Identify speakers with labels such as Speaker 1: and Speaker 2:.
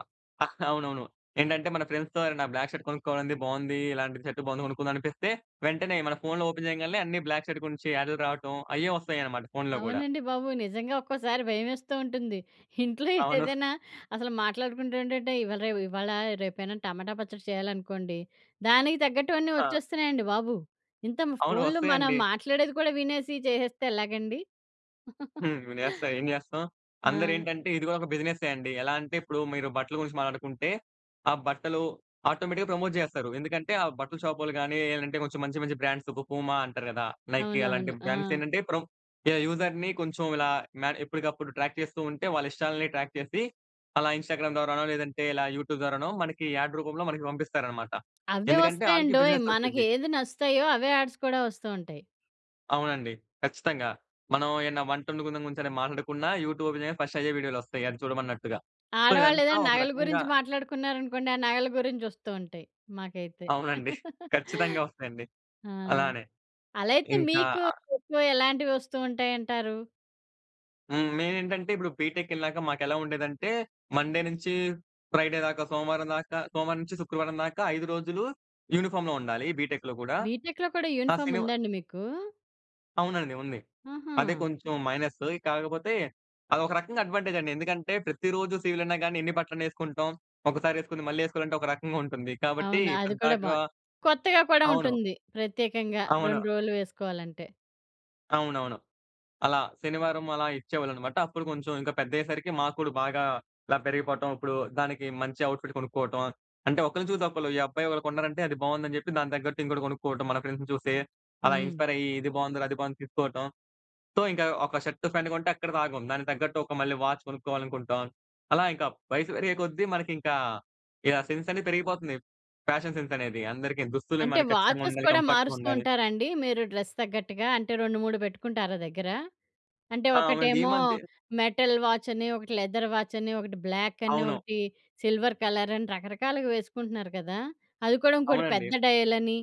Speaker 1: ఆ ఆహ్, అవునవును. ఏంటంటే, మన ఫ్రెండ్స్‌తో ఎవరైనా బ్లాక్ షర్ట్ కొనుక్కోవాలి, బావుంది ఇలాంటి షర్ట్ బావుంది కొనుకుందాం అనిపిస్తే, వెంటనే మన ఫోన్‌లో ఓపెన్ చేయగాల్నే అన్ని బ్లాక్ షర్ట్ గురించి యాడ్‌లు రావటం, అయ్యే ఒస్తాయన్నమాట ఫోన్‌లో గూడా.
Speaker 2: అవునండి బాబు. నిజంగా ఒక్కోసారి భయం వేస్తూంటుంది. ఇంట్లో
Speaker 1: అవును.
Speaker 2: ఏదైనా అసలు మాట్లాడుకుంటు ఉంటుంటే, ఇవాళ రే ఇవాళ రేపైనా టమాటా పచ్చడి చేయాలనుకోండి, దానికి తగ్గట్టువన్నీ
Speaker 1: ఆ!
Speaker 2: వచ్చేస్తున్నాయండి బాబు. ఇంత
Speaker 1: అవును.
Speaker 2: ఫోన్‌లో మనం
Speaker 1: వస్తాయండి.
Speaker 2: మాట్లాడేది కూడా వినేసి చేసేస్తే ఎలాగండి?
Speaker 1: హ్మ్. వినేస్తాం, ఏం చేస్తాం.
Speaker 2: ఆ!
Speaker 1: అందరేంటంటే, ఇది కూడా ఒక బిజినెస్సే అండి. ఎలా అంటే, ఇప్పుడు మీరు బట్టల గురించి మాట్లాడుకుంటే, ఆ బట్టలు ఆటోమేటిక్‌గా ప్రమోట్ చేస్తారు. ఎందుకంటే, ఆ బట్టల షాపోళ్లు గానీ, అంటే కొంచెం మంచి మంచి బ్రాండ్స్ ఒక పూమా అంటారు కదా! నైక్ అలాంటి
Speaker 2: అవునవును.
Speaker 1: బ్రాండ్స్
Speaker 2: ఆ!
Speaker 1: ఏంటంటే, ప్రమ్ యాహ్! యూజర్‌ని కొంచెం ఇలా మ ఎప్పటికప్పుడు ట్రాక్ చేస్తూ ఉంటే, వాళ్ళ ఇష్టాలను ట్రాక్ చేసి, అలా ఇన్‌స్టాగ్రామ్ ద్వారానో లేదంటే, ఇలా యూట్యూబ్ ద్వారానో, మనకి యాడ్ రూపంలో మనకి పంపిస్తారన్నమాట.
Speaker 2: అవే
Speaker 1: ఎందుకంటే ఆళ్ళకి
Speaker 2: వస్తాయండోయ్!
Speaker 1: బిజినెసొచ్చుది.
Speaker 2: మనకేది నచ్చుతాయో అవే యాడ్స్ కూడా వస్తూంటాయి.
Speaker 1: అవునండి. ఖచ్చితంగా. మనం ఏమైనా వంట వండుకుందం గురించి మాట్లాడకున్న యూట్యూబ్‌లో ఓపెన్ చెయ్యగానే ఫస్ట్ అయ్యే వీడియోలు వస్తాయి అది చూడమన్నట్టుగా. సో
Speaker 2: ఆడవాళ్ళు
Speaker 1: ఇదంతా
Speaker 2: ఏదైనా
Speaker 1: ఒక
Speaker 2: నగల
Speaker 1: రకంగా
Speaker 2: గురించి మాట్లాడుకున్నారు అనుకోండి, ఆ నగల గురించి వస్తుంటాయి మాకైతే.
Speaker 1: అవునండి. ఖచ్చితంగా వస్తాయండి.
Speaker 2: ఆ!
Speaker 1: అలానే.
Speaker 2: అలైతే
Speaker 1: ఇంకా
Speaker 2: మీకు ఎక్కువ ఎలాంటివి వస్తూంటాయంటారు?
Speaker 1: హ్మ్. మెయినేంటంటే, ఇప్పుడు బిటెక్కెళ్ళాక మాకెలా ఉండేదంటే, మండే నుంచి ఫ్రైడే దాక సోమవారం దాకా సోమవారం నుంచి శుక్రవారం దాకా 5 రోజులు యూనిఫార్మ్‌లో ఉండాలి బిటెక్‌లో కూడా.
Speaker 2: బిటెక్‌లో కూడా
Speaker 1: ఆ!
Speaker 2: యూనిఫార్మ్
Speaker 1: శనివా
Speaker 2: ఉందా అండి మీకు?
Speaker 1: అవునండి. ఉంది. అదే
Speaker 2: హుహు.
Speaker 1: కొంచెం మైనస్సు. కాకపోతే, అది ఒక రకంగా అడ్వాంటేజండి. ఎందుకంటే, ప్రతిరోజు సివిల్ అయినా గాని ఎన్ని బట్టలనేసుకుంటాం, ఒకసారేసుకుని మళ్ళీ వేసుకోవాలంటే ఒక రకంగా ఉంటుంది. కాబట్టి
Speaker 2: అవును. అది కూడా
Speaker 1: పద్దాక
Speaker 2: బావుంది. కొత్తగా కూడా
Speaker 1: అవును.
Speaker 2: ఉంటుంది. ప్రత్యేకంగా 2
Speaker 1: అవును.
Speaker 2: రోజులు వేసుకోవాలంటే.
Speaker 1: అవునవును. అలా, శనివారం అలా ఇచ్చేవాళ్ళనమాట. అప్పుడు కొంచెం ఇంకా పెద్దయ్యేసరికి మాకు కూడా బాగా ఇలా పెరిగిపోవటం, ఇప్పుడు దానికి మంచి అవుట్‌ఫిట్ కొనుక్కోవటం, అంటే ఒకరిని చూసి ఒకళ్ళు. ఈ అబ్బాయి ఒకరు కొన్నారంటే, అది బావుందని చెప్పి దానికి తగ్గట్టు ఇంకొకటి కొనుక్కోవటం మన ఫ్రెండ్స్‌ని చూసి. అలా
Speaker 2: హ్మ్.
Speaker 1: ఇన్‌స్పైర్ అయ్యి ఇది బావుందిరా, అది బావుంది తీసుకోవటం. సో, ఇంకా ఒక షర్ట్ ప్యాంట్ కొంటే అక్కడితో ఆగం. దానికి తగ్గట్టు ఒక మళ్ళీ వాచ్ కొనుక్కోవాలనుకుంటాం. అలా ఇంకా వయసు పెరిగే కొద్దీ మనకి ఇంకా, ఇలా సెన్స్ అనేది పెరిగిపోతుంది. ఫ్యాషన్ సెన్స్ అనేది అందరికీ దుస్తులు
Speaker 2: అంటే
Speaker 1: మనకి
Speaker 2: వాచెస్
Speaker 1: ఖచ్చితంగుండాలి.
Speaker 2: కూడా మారుస్తూ
Speaker 1: కంఫర్ట్‌‌గుండాలి.
Speaker 2: ఉంటారండి, మీరు డ్రెస్ తగ్గట్టుగా? అంటే 2, 3 పెట్టుకుంటారా దగ్గర? అంటే
Speaker 1: ఆ! అవునండి. ఈ
Speaker 2: ఒకటేమో,
Speaker 1: మద్యే
Speaker 2: మెటల్ వాచ్ అని, ఒకటి లెదర్ వాచ్ అని, ఒకటి బ్లాక్ అని,
Speaker 1: అవును.
Speaker 2: ఒకటి సిల్వర్ కలర్ అని రకరకాలుగా వేసుకుంటున్నారు కదా! అది కూడా ఇంకోటి
Speaker 1: అవునండి.
Speaker 2: పెద్ద డయల్ అని.